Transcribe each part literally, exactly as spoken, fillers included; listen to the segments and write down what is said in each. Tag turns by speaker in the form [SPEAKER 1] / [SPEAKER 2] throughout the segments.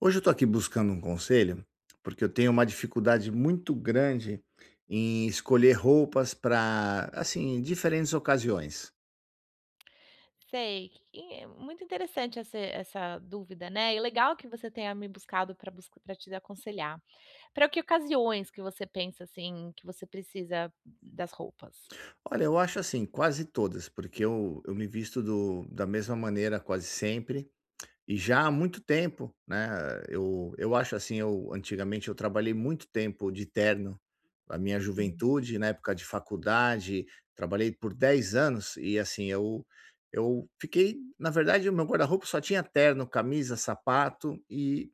[SPEAKER 1] Hoje eu estou aqui buscando um conselho, porque eu tenho uma dificuldade muito grande em escolher roupas pra, assim, diferentes ocasiões.
[SPEAKER 2] Sei, e é muito interessante esse essa dúvida, né, e legal que você tenha me buscado pra busc pra te aconselhar. Pra que ocasiões que você pensa, assim, que você precisa das roupas?
[SPEAKER 1] Olha, eu acho assim, quase todas, porque eu eu me visto do da mesma maneira quase sempre, e já há muito tempo, né. Eu eu acho, assim, eu antigamente, eu trabalhei muito tempo de terno. Na minha
[SPEAKER 2] Hum.
[SPEAKER 1] juventude, na época de faculdade, trabalhei por dez anos e, assim, eu eu fiquei na verdade, o meu guarda-roupa só tinha terno, camisa, sapato e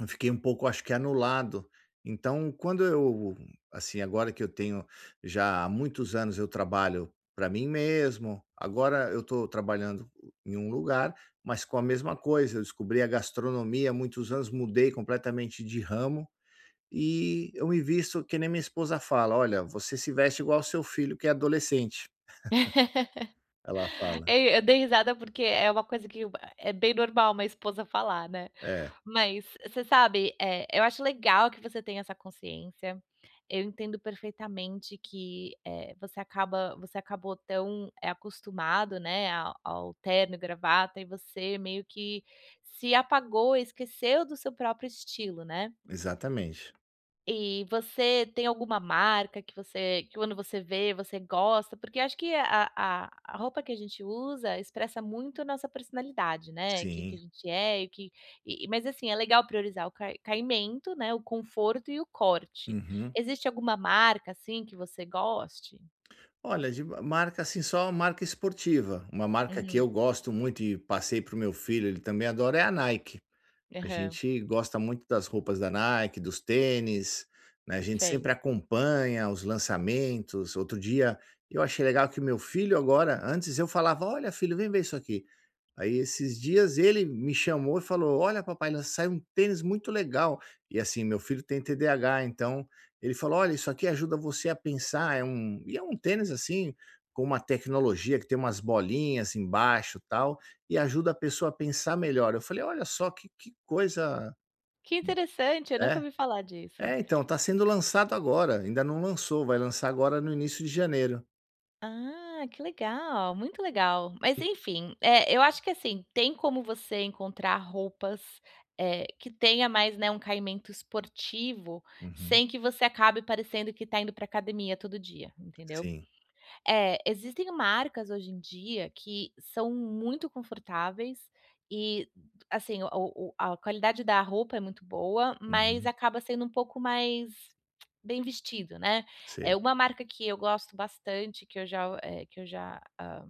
[SPEAKER 1] eu fiquei um pouco, acho que, anulado. Então quando eu, assim, agora que eu tenho já há muitos anos eu trabalho pra mim mesmo, agora eu tô trabalhando em um lugar, mas com a mesma coisa. Eu descobri a gastronomia há muitos anos, mudei completamente de ramo e eu me visto que nem minha esposa fala: "Olha, você se veste igual ao seu filho que é adolescente", ela fala.
[SPEAKER 2] É, e eu dei risada porque é uma coisa que é bem normal uma esposa falar, né.
[SPEAKER 1] É.
[SPEAKER 2] Mas você sabe, eh, eu acho legal que você tenha essa consciência. Eu entendo perfeitamente que, eh, você acaba você acabou tão, eh, acostumado, né, ao ao terno e gravata e você meio que se apagou e esqueceu do seu próprio estilo, né.
[SPEAKER 1] Exatamente.
[SPEAKER 2] E você tem alguma marca que você que quando você vê você gosta? Porque acho que a a a roupa que a gente usa expressa muito a nossa personalidade, né, quem que a
[SPEAKER 1] Sim.
[SPEAKER 2] gente é, o que e, mas, assim, é legal priorizar o cai caimento, né, o conforto e o corte.
[SPEAKER 1] Uhum.
[SPEAKER 2] Existe alguma marca, assim, que você goste?
[SPEAKER 1] Olha, de marca, assim, só marca esportiva. Uma marca que
[SPEAKER 2] Uhum.
[SPEAKER 1] eu gosto muito e passei para o meu filho, ele também adora, é a Nike. A
[SPEAKER 2] Aham.
[SPEAKER 1] gente gosta muito das roupas da Nike, dos tênis, né, a gente
[SPEAKER 2] Sei.
[SPEAKER 1] sempre acompanha os lançamentos. Outro dia eu achei legal que meu filho agora antes eu falava: "Olha, filho, vem ver isso aqui". Aí esses dias ele me chamou e falou: "Olha, papai, saiu um tênis muito legal". E assim, meu filho tem TDAH, então ele falou: "Olha, isso aqui ajuda você a pensar". É um e é um tênis, assim, com uma tecnologia que tem umas bolinhas embaixo, tal, e ajuda a pessoa a pensar melhor. Eu falei: "Olha só, que que coisa"
[SPEAKER 2] Que interessante, eu nunca
[SPEAKER 1] É?
[SPEAKER 2] ouvi falar disso.
[SPEAKER 1] É, então, tá sendo lançado agora, ainda não lançou, vai lançar agora no início de janeiro.
[SPEAKER 2] Ah, que legal, muito legal, mas, enfim. Eh, eu acho que assim, tem como você encontrar roupas, eh, que tenha mais, né, um caimento esportivo,
[SPEAKER 1] Uhum.
[SPEAKER 2] sem que você acabe parecendo que tá indo pra academia todo dia, entendeu.
[SPEAKER 1] Sim.
[SPEAKER 2] Eh, existem marcas hoje em dia que são muito confortáveis, e assim o o a qualidade da roupa é muito boa, mas
[SPEAKER 1] Uhum.
[SPEAKER 2] acaba sendo um pouco mais bem vestido, né. Eh,
[SPEAKER 1] Sei.
[SPEAKER 2] uma marca que eu gosto bastante, que eu já u eh, que eu já hã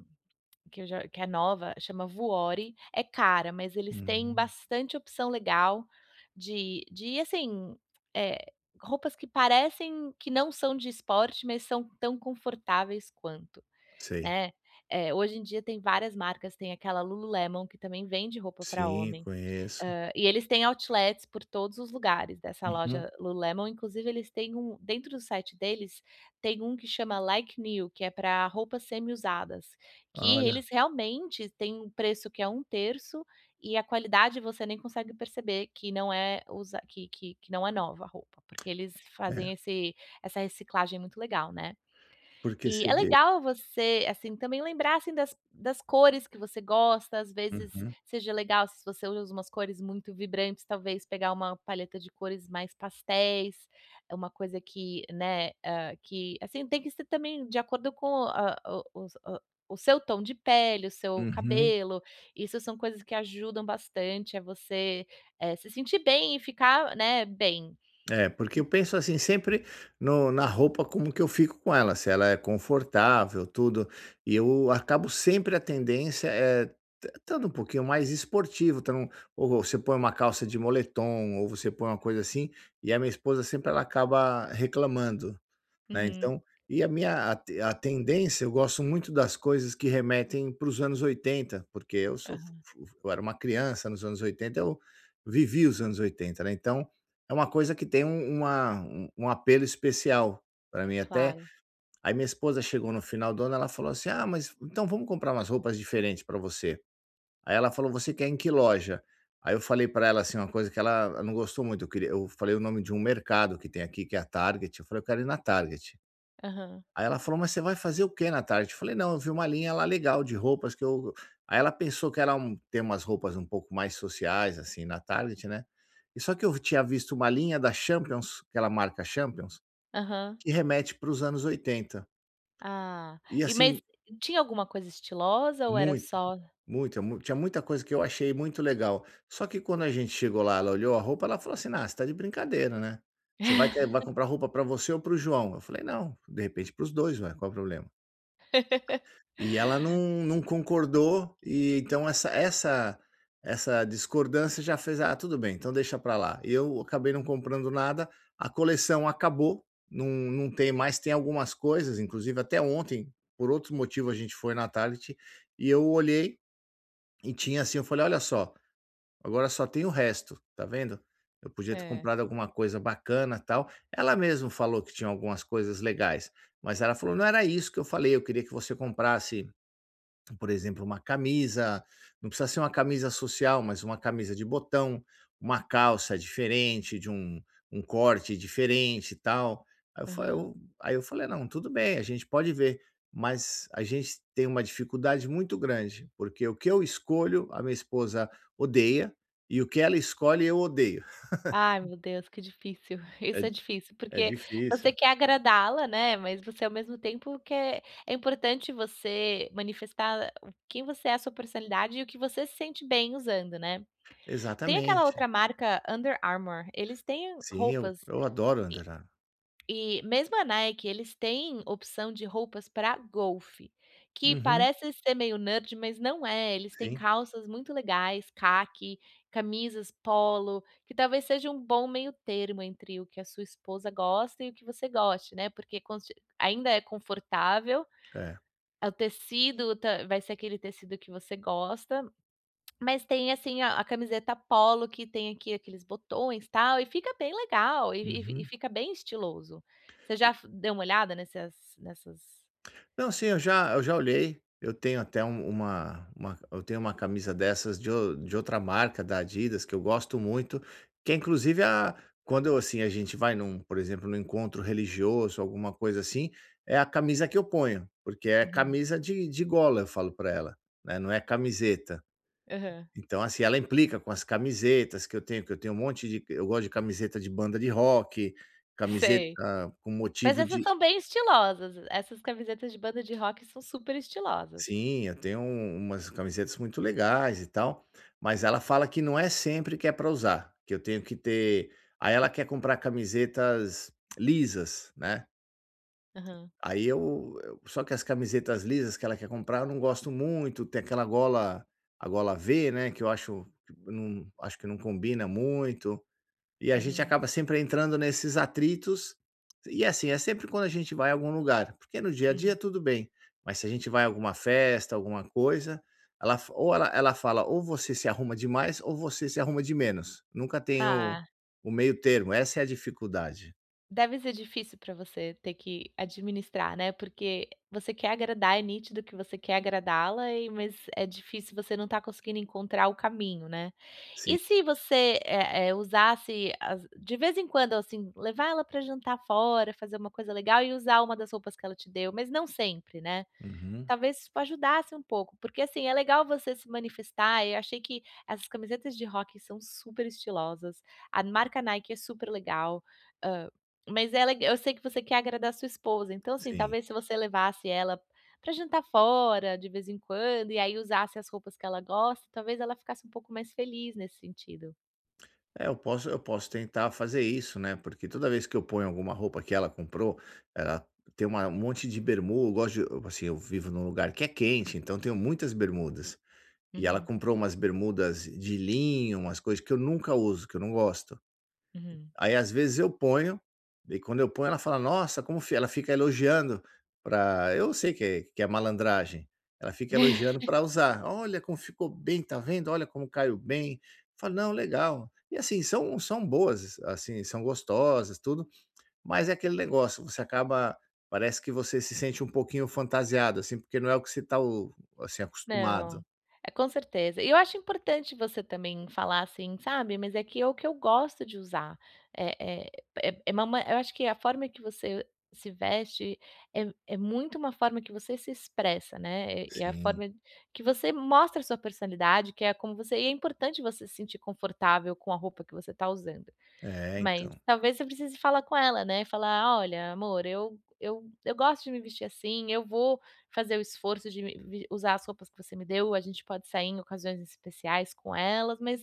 [SPEAKER 2] que eu já que é nova, chama Vuori. É cara, mas eles têm
[SPEAKER 1] Uhum.
[SPEAKER 2] bastante opção legal de de assim eh, roupas que parecem que não são de esporte, mas são tão confortáveis quanto,
[SPEAKER 1] Sei.
[SPEAKER 2] né. Eh, hoje em dia tem várias marcas, tem aquela Lulu Lemon, que também vende roupa pra
[SPEAKER 1] Sim,
[SPEAKER 2] homem,
[SPEAKER 1] conheço.
[SPEAKER 2] hã, e eles têm outlets por todos os lugares dessa
[SPEAKER 1] Uhum.
[SPEAKER 2] loja Lulu Lemon. Inclusive, eles têm um dentro do site deles tem um que chama Like New, que é pra roupas semi usadas, que
[SPEAKER 1] Olha.
[SPEAKER 2] eles realmente têm um preço que é um terço e a qualidade você nem consegue perceber que não é usa que que que não é nova a roupa, porque eles
[SPEAKER 1] É.
[SPEAKER 2] fazem esse essa reciclagem muito legal, né.
[SPEAKER 1] Porque
[SPEAKER 2] E é
[SPEAKER 1] cedeu?
[SPEAKER 2] legal você assim também lembrar assim das das cores que você gosta, as vezes
[SPEAKER 1] Uhum.
[SPEAKER 2] seja legal, se você usa umas cores muito vibrantes, talvez pegar uma paleta de cores mais pastéis. É uma coisa que, né, hã, que assim, tem que ser também de acordo com hã, o os o o seu tom de pele, o seu
[SPEAKER 1] Uhum.
[SPEAKER 2] cabelo. Isso são coisas que ajudam bastante a você, eh, se sentir bem e ficar, né, bem.
[SPEAKER 1] É, porque eu penso assim sempre no na roupa, como que eu fico com ela, se ela é confortável, tudo. E eu acabo sempre, a tendência, eh, tan estando um pouquinho mais esportivo. Então, ou você põe uma calça de moletom, ou você põe uma coisa assim, e a minha esposa sempre, ela acaba reclamando, né.
[SPEAKER 2] Uhum
[SPEAKER 1] Então e a minha a te a tendência, eu gosto muito das coisas que remetem para os anos oitenta, porque eu sou fu
[SPEAKER 2] Aham.
[SPEAKER 1] fu fu eu era uma criança nos anos oitenta, eu vivi os anos oitenta, né, então é uma coisa que tem um uma um um apelo especial pra mim, até.
[SPEAKER 2] Claro.
[SPEAKER 1] Aí minha esposa chegou no final do ano, ela falou assim: "Ah, mas, então, vamos comprar umas roupas diferente pra você". Aí ela falou: "Você quer ir em que loja?". Aí eu falei para ela assim, uma coisa que ela não gostou muito. Eu queria eu falei o nome de um mercado que tem aqui, que é a Target. Eu falei: "Eu quero ir na Target".
[SPEAKER 2] Aham.
[SPEAKER 1] Aí ela falou: "Mas você vai fazer o que na Target?". Eu falei: "Não, eu vi uma linha lá legal de roupas que eu". Aí ela pensou que era um tem umas roupas um pouco mais sociais, assim, na Target, né. E só que eu v tinha visto uma linha da Champions, aquela marca Champions,
[SPEAKER 2] Aham.
[SPEAKER 1] que remete para os anos oitenta,
[SPEAKER 2] Ah.
[SPEAKER 1] e,
[SPEAKER 2] E, mas
[SPEAKER 1] assim
[SPEAKER 2] tinha alguma coisa estilosa ou era
[SPEAKER 1] Muito.
[SPEAKER 2] só
[SPEAKER 1] Muita mu tinha muita coisa que eu achei muito legal. Só que, quando a gente chegou lá, ela olhou a roupa, ela falou assim: "Ah, você tá de brincadeira, né, você vai que vai comprar roupa pra você ou para o João?". Eu falei: "Não, de repente, para os dois, ué, qual o problema?". E ela não não concordou, e então essa essa essa discordância já fez: "Ah, tudo bem, então deixa pra lá". Eu acabei não comprando nada, a coleção acabou, não não tem mais. Tem algumas coisas, inclusive, até ontem, por outro motivo, a gente foi na Target, e eu olhei e tinha, assim. Eu falei: "Olha só, agora só tem o resto, tá vendo?". Eu podia ter
[SPEAKER 2] É.
[SPEAKER 1] comprado alguma coisa bacana, tal. Ela mesmo falou que tinha algumas coisas legais, mas ela falou: "Não era isso que eu falei, eu queria que você comprasse, por exemplo, uma camisa, não precisa ser uma camisa social, mas uma camisa de botão, uma calça diferente de um um corte diferente e tal". Aí eu fa
[SPEAKER 2] Aham.
[SPEAKER 1] eu aí eu falei: "Não, tudo bem, a gente pode ver". Mas a gente tem uma dificuldade muito grande, porque o que eu escolho, a minha esposa odeia, e o que ela escolhe, eu odeio.
[SPEAKER 2] Ai, meu Deus, que difícil.
[SPEAKER 1] É
[SPEAKER 2] Isso é difícil,
[SPEAKER 1] é
[SPEAKER 2] porque você
[SPEAKER 1] difícil.
[SPEAKER 2] quer agradá-la, né, mas você, ao mesmo tempo, quer é importante você manifestar o que você é, a sua personalidade e o que você se sente bem usando, né. Tem aquela
[SPEAKER 1] Exatamente.
[SPEAKER 2] outra marca Under Armour, eles têm
[SPEAKER 1] Sim, eu
[SPEAKER 2] roupas e
[SPEAKER 1] eu adoro Under Ar
[SPEAKER 2] e mesmo a Nike, eles têm opção de roupas pra golfe, que
[SPEAKER 1] Uhum.
[SPEAKER 2] parece ser meio nerd, mas não é. Eles têm
[SPEAKER 1] Sim.
[SPEAKER 2] calças muito legais, caqui, camisas polo, que talvez seja um bom meio termo entre o que a sua esposa gosta e o que você goste, né, porque conste ainda é confortável,
[SPEAKER 1] é.
[SPEAKER 2] o tecido tá vai ser aquele tecido que você gosta, mas tem assim a a camiseta polo, que tem aqui aqueles botões e tal, e fica bem legal e e e
[SPEAKER 1] Uhum.
[SPEAKER 2] fica bem estiloso. Você já fo deu uma olhada nessas nessas
[SPEAKER 1] Não, sim, eu já eu já olhei. Eu tenho até um uma uma eu tenho uma camisa dessas de ou de outra marca da Adidas que eu gosto muito, que é, inclusive, a quando, assim, a gente vai num, por exemplo, num encontro religioso, alguma coisa assim, é a camisa que eu ponho, porque é
[SPEAKER 2] Uhum.
[SPEAKER 1] camisa de de gola. Eu falo pra ela, né, não é camiseta.
[SPEAKER 2] Aham.
[SPEAKER 1] Então, assim, ela implica com as camisetas que eu tenho, que eu tenho um monte de eu gosto de camiseta de banda de rock, camiseta
[SPEAKER 2] Sei,
[SPEAKER 1] com
[SPEAKER 2] mas
[SPEAKER 1] motivo
[SPEAKER 2] essas
[SPEAKER 1] de
[SPEAKER 2] são bem estilosas, essas camisetas de banda de rock são super estilosas.
[SPEAKER 1] Sim, eu tenho um umas camisetas muito legais e tal, mas ela fala que não é sempre que é pra usar, que eu tenho que ter aí ela quer comprar camisetas lisas, né.
[SPEAKER 2] Aham.
[SPEAKER 1] Aí eu eu só que as camisetas lisas que ela quer comprar, eu não gosto muito. Tem aquela gola, a gola V, né, que eu acho não acho que não combina muito. E a gente
[SPEAKER 2] Uhum.
[SPEAKER 1] acaba sempre entrando nesses atritos, e assim, é sempre quando a gente vai algum lugar, porque no dia a dia
[SPEAKER 2] Uhum.
[SPEAKER 1] tudo bem, mas se a gente vai à alguma festa, alguma coisa, ela fa ou ela ela fala: “Ou você se arruma demais ou você se arruma de menos, nunca tem o
[SPEAKER 2] Ah.
[SPEAKER 1] o meio-termo, essa é a dificuldade.”
[SPEAKER 2] Deve ser difícil para você ter que administrar, né, porque você quer agradar, é nítido que você quer agradá-la e, mas é difícil você não está conseguindo encontrar o caminho, né. E
[SPEAKER 1] Sim.
[SPEAKER 2] se você, eh eh, usasse as de vez em quando, assim, levar ela para jantar fora, fazer uma coisa legal e usar uma das roupas que ela te deu, mas não sempre, né.
[SPEAKER 1] Uhum.
[SPEAKER 2] Talvez, isso ajudasse um pouco porque, assim, é legal você se manifestar, eu achei que as camisetas de rock são super estilosas, a marca Nike é super legal, hã, mas ela eu sei que você quer agradar sua esposa, então, assim,
[SPEAKER 1] Sim.
[SPEAKER 2] talvez se você levasse ela para jantar fora, de vez em quando, e aí usasse as roupas que ela gosta, talvez ela ficasse um pouco mais feliz, nesse sentido.
[SPEAKER 1] É, eu posso eu posso tentar fazer isso, né, porque toda vez que eu ponho alguma roupa que ela comprou, ela tem uma um monte de bermu eu gosto de assim eu vivo em um lugar que é quente, então, tenho muitas bermudas. E ela
[SPEAKER 2] Uhum.
[SPEAKER 1] comprou umas bermudas de linho, umas coisas que eu nunca uso, que eu não gosto.
[SPEAKER 2] Uhum.
[SPEAKER 1] Aí às vezes eu ponho, e aí quando eu ponho ela fala: "Nossa, como", ela fica elogiando para eu sei que é que é malandragem. Ela fica elogiando para usar, "Olha como ficou bem, está vendo, olha como caiu bem". Eu falo, "Não, legal". E assim, são são boas, assim, são gostosas, tudo, mas é aquele negócio, você acaba parece que você se sente um pouquinho fantasiado, assim, porque não é o que você está o assim
[SPEAKER 2] Não,
[SPEAKER 1] acostumado.
[SPEAKER 2] é com certeza. E eu acho importante você também falar assim, sabe. "Mas é que, é o que eu gosto de usar". É é é, ma eu acho que a forma que você se veste é é muito uma forma que você se expressa, né. É a
[SPEAKER 1] Sim.
[SPEAKER 2] forma que você mostra a sua personalidade que é como você e é importante você se sentir confortável com a roupa que você está usando.
[SPEAKER 1] É,
[SPEAKER 2] Mas
[SPEAKER 1] então.
[SPEAKER 2] talvez, você precise falar com ela, né, falar: "Olha, amor, eu eu eu gosto de me vestir assim, eu vou fazer o esforço de me me usar as roupas que você me deu, a gente pode sair em ocasiões especiais com elas mas,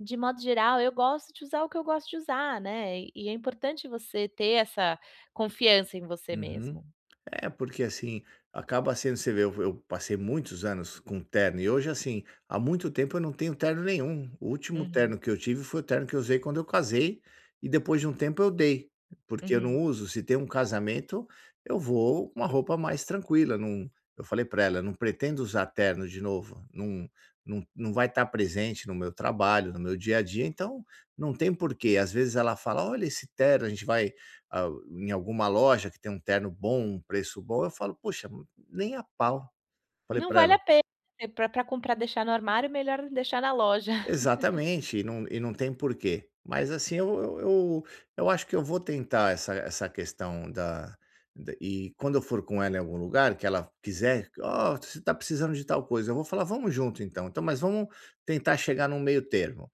[SPEAKER 2] de modo geral, eu gosto de usar o que eu gosto de usar", né. E é importante você ter essa confiança em você
[SPEAKER 1] Uhum.
[SPEAKER 2] mesmo.
[SPEAKER 1] É porque, assim, acaba sendo você vê eu eu passei muitos anos com terno e hoje assim, há muito tempo eu não tenho terno nenhum, o último
[SPEAKER 2] Uhum.
[SPEAKER 1] terno que eu tive foi o terno que eu usei quando eu casei, e depois de um tempo eu dei. Porque eu
[SPEAKER 2] Uhum.
[SPEAKER 1] não uso, se tem um casamento, eu vou com uma roupa mais tranquila, não eu falei para ela, eu não pretendo usar terno de novo, não não não vai estar presente no meu trabalho, no meu dia a dia, então, não tem porquê, às vezes ela fala: "Olha esse terno", a gente vai, a em alguma loja que tem um terno bom, um preço bom, eu falo: "Poxa, nem a pau", falei
[SPEAKER 2] Não
[SPEAKER 1] para
[SPEAKER 2] vale
[SPEAKER 1] ela.
[SPEAKER 2] a pena, para para comprar deixar no armário, melhor deixar na loja.
[SPEAKER 1] Exatamente, e não e não tem porquê. Mas, assim, eu e-u eu eu acho que eu vou tentar essa essa questão da e quando eu for com ela em algum lugar, que ela quiser, "ó, você está precisando de tal coisa", eu vou falar: "Vamos junto, então então, mas vamos tentar chegar no meio-termo,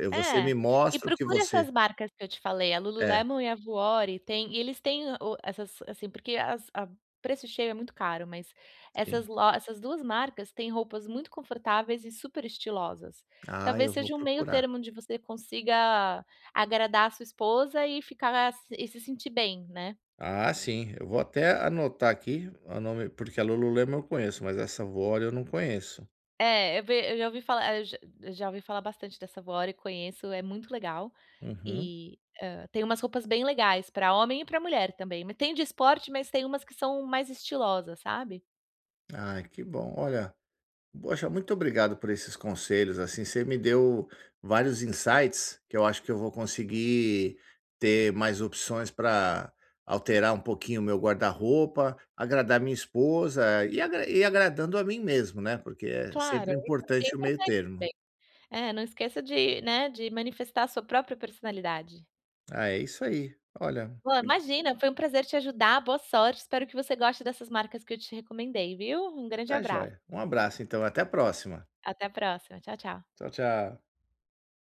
[SPEAKER 1] eu, você
[SPEAKER 2] É,
[SPEAKER 1] me
[SPEAKER 2] e
[SPEAKER 1] mostra o que
[SPEAKER 2] procura
[SPEAKER 1] você"
[SPEAKER 2] essas marcas que eu te falei, a
[SPEAKER 1] É.
[SPEAKER 2] Lululemon e a Gowri tem, e eles têm o essas, assim, porque as a o preço cheio é muito caro mas, essas
[SPEAKER 1] Sim.
[SPEAKER 2] essas duas marcas têm roupas muito confortáveis e super estilosas.
[SPEAKER 1] Ah,
[SPEAKER 2] Talvez,
[SPEAKER 1] eu vou
[SPEAKER 2] seja um meio
[SPEAKER 1] procurar.
[SPEAKER 2] termo onde você consiga agradar a sua esposa e ficar e se sentir bem, né.
[SPEAKER 1] Ah sim, eu vou até anotar aqui, o nome porque a Lululemon eu conheço, mas essa Gwori eu não conheço.
[SPEAKER 2] É, vê, eu já ouvi falar eu já ouvi falar bastante dessa Gowri e conheço, é muito legal,
[SPEAKER 1] Uhum.
[SPEAKER 2] e hã, tem umas roupas bem legais para homem e para mulher também, me tem de esporte, mas tem umas que são mais estilosa, sabe.
[SPEAKER 1] Ai que bom, olha. Poxa, muito obrigado por esses conselhos, assim, você me deu vários insights, que eu acho que eu vou conseguir ter mais opções para alterar um pouquinho o meu guarda-roupa, agradar minha esposa, e agra e agradando a mim mesmo, né, porque é
[SPEAKER 2] Claro,
[SPEAKER 1] sempre
[SPEAKER 2] isso é bem
[SPEAKER 1] importante o
[SPEAKER 2] importante
[SPEAKER 1] meio-termo.
[SPEAKER 2] também. É, não esqueça de, né, de manifestar a sua própria personalidade.
[SPEAKER 1] Ah, é isso aí, olha.
[SPEAKER 2] [unintelligible] .Imagina, foi um prazer te ajudar, boa sorte, espero que você goste dessas marcas que eu te recomendei, viu. Um grande
[SPEAKER 1] Está
[SPEAKER 2] abraço.
[SPEAKER 1] joia, um abraço, então, até a próxima.
[SPEAKER 2] Até a próxima, tchau, tchau.
[SPEAKER 1] Tchau, tchau.